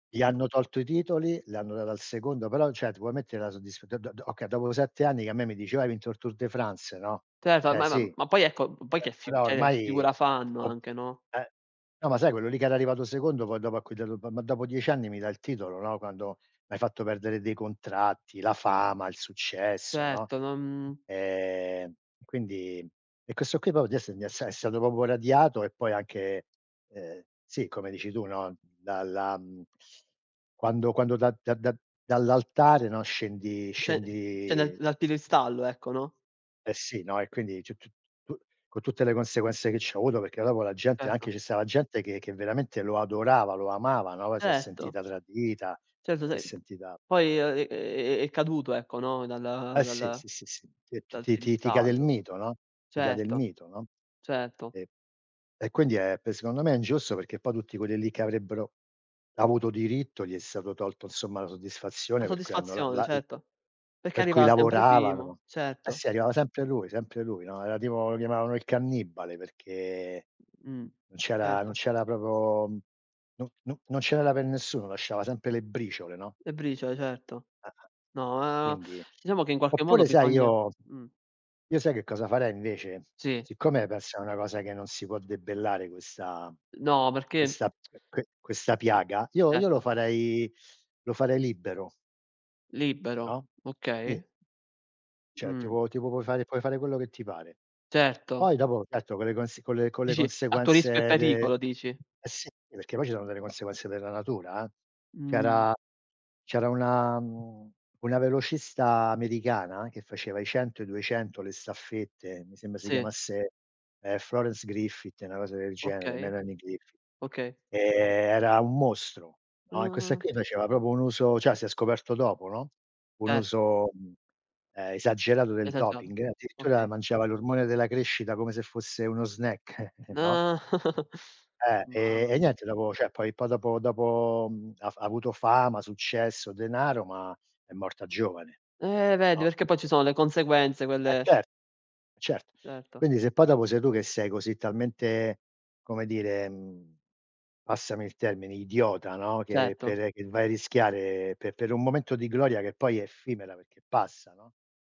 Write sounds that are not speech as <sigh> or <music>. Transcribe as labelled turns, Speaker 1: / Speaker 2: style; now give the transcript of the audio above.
Speaker 1: Gli hanno tolto i titoli, li hanno dati al secondo, però cioè, ti vuoi mettere la soddisf do do do okay, dopo 7 anni che a me mi diceva: "Hai vinto il Tour de France," no,
Speaker 2: Certo,
Speaker 1: cioè
Speaker 2: ma ma
Speaker 1: sì,
Speaker 2: ma poi ecco, poi che
Speaker 1: beh
Speaker 2: cioè
Speaker 1: però
Speaker 2: che
Speaker 1: ormai
Speaker 2: figura fanno
Speaker 1: <unintelligible>
Speaker 2: anche, no.
Speaker 1: eh, no, ma sai quello lì che era arrivato secondo poi dopo a cui dato "M ma dopo 10 anni mi dai il titolo, no, quando m'hai fatto perdere dei contratti, la fama, il successo," no,
Speaker 2: Certo, non
Speaker 1: ehm, quindi e questo qui, poi di esse di esse è stato proprio radiato e poi anche, ehm, sì, come dici tu, no, dalla mhmm, quando quando da da da dall'altare, no, scendi
Speaker 2: Cioè cioè dal
Speaker 1: scendi
Speaker 2: dal piedistallo, ecco, no.
Speaker 1: Eh sì, no, e quindi c c p con tutte le conseguenze che c'ha avuto, perché dopo la gente anche
Speaker 2: Certo.
Speaker 1: ci stava gente, che che veramente lo adorava, lo amava, no, si è
Speaker 2: Certo.
Speaker 1: sentita tradita,
Speaker 2: Certo
Speaker 1: si è
Speaker 2: se
Speaker 1: sentita
Speaker 2: poi è è è caduto, ecco, no, dal
Speaker 1: Eh sì,
Speaker 2: dal
Speaker 1: sì, sì, sì, ti
Speaker 2: dal
Speaker 1: ti ti ti cade il
Speaker 2: piedistallo.
Speaker 1: mito, no ti cade il
Speaker 2: Certo,
Speaker 1: mito, no,
Speaker 2: certo.
Speaker 1: sì. E quindi è secondo me ingiusto perché poi tutti quelli lì che avrebbero avuto diritto, gli è stato tolto, insomma, la
Speaker 2: La
Speaker 1: soddisfazione per cui hanno la
Speaker 2: soddisfazione,
Speaker 1: la
Speaker 2: certo. Perché
Speaker 1: per cui
Speaker 2: arrivava sempre primo,
Speaker 1: lavoravano. Eh
Speaker 2: certo.
Speaker 1: sì, arrivava sempre lui, sempre lui, no, era tipo lo chiamavano il cannibale perché
Speaker 2: Mh.
Speaker 1: non c'era non
Speaker 2: Certo.
Speaker 1: c'era proprio no no non ce n'era per nessuno, lasciava sempre le briciole, no.
Speaker 2: Le briciole, certo.
Speaker 1: Ah-ah.
Speaker 2: No, ehm,
Speaker 1: Quindi
Speaker 2: diciamo che in qualche modo
Speaker 1: oppure sai,
Speaker 2: bisogna
Speaker 1: io
Speaker 2: mh.
Speaker 1: io sai che cosa farei, invece?
Speaker 2: Sì.
Speaker 1: Siccome questa è una cosa che non si può debellare questa
Speaker 2: No, perché
Speaker 1: questa
Speaker 2: <tsk>
Speaker 1: que questa piaga, io io lo
Speaker 2: Certo.
Speaker 1: farei lo farei libero
Speaker 2: Libero,
Speaker 1: No?
Speaker 2: okay.
Speaker 1: Sì. Cioè,
Speaker 2: Mh.
Speaker 1: tipo tipo puoi fare puoi fare quello che ti pare.
Speaker 2: Certo.
Speaker 1: Poi dopo, certo con le cons con le
Speaker 2: Dici, a tuo rischio e
Speaker 1: conseguenze de
Speaker 2: pericolo, dici.
Speaker 1: eh sì, perché poi ci sono delle conseguenze della natura eh.
Speaker 2: Mh.
Speaker 1: C'era c'era una mhmm, una velocista americana, che faceva i 100, i 200, le staffette, mi sembra si
Speaker 2: Sì.
Speaker 1: chiamasse, ehm, Florence Griffith, una cosa del genere,
Speaker 2: Okay.
Speaker 1: Melanie Griffith.
Speaker 2: Okay.
Speaker 1: Ehm, era un mostro, no, e questa
Speaker 2: Ah.
Speaker 1: qui, faceva proprio un uso cioè si è scoperto dopo, no, un
Speaker 2: Cert
Speaker 1: uso, ehm, esagerato del
Speaker 2: Esagerato.
Speaker 1: doping, addirittura
Speaker 2: Okay.
Speaker 1: mangiava l'ormone della crescita come se fosse uno snack, <chuckles> no?
Speaker 2: No. <chuckles>
Speaker 1: Eh,
Speaker 2: Mamma
Speaker 1: e
Speaker 2: mia.
Speaker 1: niente dopo cioè, poi dopo dopo ha f ha avuto fama, successo, denaro, ma è morta giovane.
Speaker 2: Eh vedi,
Speaker 1: No,
Speaker 2: perché
Speaker 1: qui
Speaker 2: poi ci sono le conseguenze,
Speaker 1: E
Speaker 2: quelle
Speaker 1: cer certo.
Speaker 2: Certo.
Speaker 1: Quindi, se poi dopo sei tu che sei così talmente, come dire, mhmm, passami il termine, idiota, no, che
Speaker 2: Certo.
Speaker 1: per che vai a rischiare per per un momento di gloria, che poi è effimera perché passa, no?